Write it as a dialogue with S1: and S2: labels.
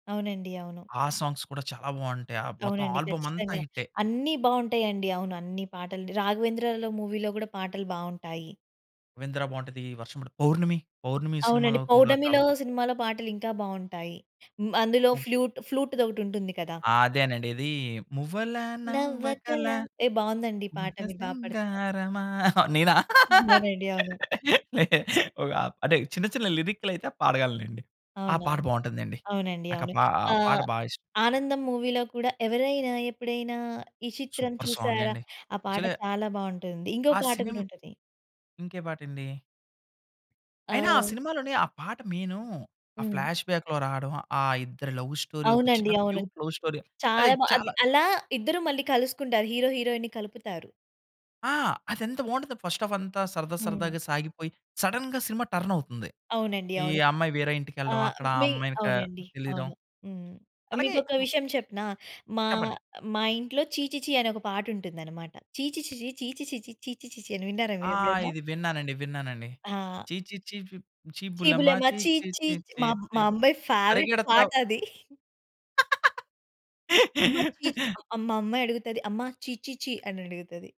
S1: అవునండి. అవును.
S2: ఆ సాంగ్స్ కూడా చాలా బావుంటాయి. ఆ మొత్తం
S1: అవునండి.
S2: ఆల్బమ్ అంతా
S1: ఖచ్చితంగా.
S2: హిట్టే.
S1: అన్నీ బావుంటాయండి. అవును. అన్ని పాటలు. 'రాఘవేంద్రాల' మూవీ‌లో కూడా పాటలు బావుంటాయి.
S2: 'రాఘవేంద్ర' బావుంటది. 'వర్షం' బావుం 'పౌర్ణమి, పౌర్ణమి'
S1: అవునండి.
S2: సినిమాలో కూడా చాలా
S1: 'పౌర్ణమిలో' సినిమాలో పాటలు ఇంకా బాగుంటాయి. అందులో
S2: హ్మ్.
S1: ఫ్లూట్ ఫ్లూట్‌దొకటి ఉంటుంది కదా!
S2: అదేనండి. ఇది మువ్వల నవ్వకల
S1: నవ్వకల యే బాగుందండి. ఈ పాట
S2: ముద్ద
S1: మీరు బా పడుతున్నారు.
S2: సింగారమా. నేనా?
S1: అవునండి. అవును.
S2: ఒక అంటే చిన్న, చిన్న లిరిక్‌‌లైతే పాడగలనండి. ఆ
S1: అవునా?
S2: పాట బావుంటుందండి.
S1: అవునండి.
S2: నాకా
S1: అవును.
S2: పా పాట
S1: ఆహ్,
S2: బా ఇష్టం.
S1: ఆనందం మూవీలో కూడా, ఎవరైనా ఎప్పుడైనా ఈ చిత్రం
S2: సూపర్
S1: చూసారా
S2: సాంగండి.
S1: ఆ పాట
S2: యాక్చలే
S1: చాలా బావుంటుంది. ఇంగో
S2: ఆ
S1: పాట
S2: సినిమ్
S1: కూడా ఉంటది.
S2: ఇంకే పాటండి? అయినా ఆ
S1: ఆహ్
S2: సినిమాలోని, ఆ పాట మెయిను ఆ
S1: హ్మ్.
S2: ఫ్లాష్‌బ్యాక్‌లో రాడం. ఆ ఇద్దరి లవ్ స్టోరీ ఒక
S1: అవునండి.
S2: చిన్న
S1: అవును.
S2: Cute love story. అది
S1: చాలా బా అది
S2: చాలా
S1: అలా ఇద్దరు మళ్ళీ కలుసుకుంటారు. హీరో హీరోయిన్‌ని కలుపుతారు.
S2: ఆ! అది ఎంత బావుంటుందో ఫర్స్ట్ హాఫంతా సరదా,
S1: హ్మ్.
S2: సరదాగా సాగిపోయి సడెన్‌గా సినిమా టర్నవుతుంది.
S1: అవునండి.
S2: ఈ
S1: అవును.
S2: అమ్మాయి వేరే ఇంటి‌కెళ్ళడం,
S1: ఆహ్,
S2: అక్కడ ఆ
S1: మి
S2: అమ్మాయిని క
S1: అవునండి.
S2: తెలియడం.
S1: అవును. హ్మ్.
S2: అలాగే
S1: మీకొక
S2: హ్మ్
S1: విషయం చెప్పనా? మా
S2: చెప్పండి.
S1: మా ఇంట్లో 'ఛీ ఛీ ఛీ' అని ఒక పాట ఉంటుందన్నమాట. ఛీ ఛీ ఛీ ఛీ ఛీ ఛీ ఛీ ఛీ ఛీ ఛీ ఛీ అని విన్నారా
S2: ఆ!
S1: మీరెప్పుడైనా?
S2: ఇది విన్నానండి. విన్నానండి.
S1: ఆ!
S2: ఛీ ఛీ ఛీ ప్ ఛీ
S1: చీ
S2: బుల్లెమ్మ
S1: బులేమ
S2: ఛీ
S1: ఛీ
S2: ఛీ
S1: ఛీ
S2: ఛీ ఛీ
S1: మా
S2: ఛీ
S1: మా అమ్మాయి ఫేవరైట్
S2: పరిగెడతావు.
S1: పాటది. "అమ్మ ఛీ ఛీ" అమ్మ మా అమ్మాయి అడుగుతది. "అమ్మ ఛీ ఛీ ఛీ" అని అడుగుతది.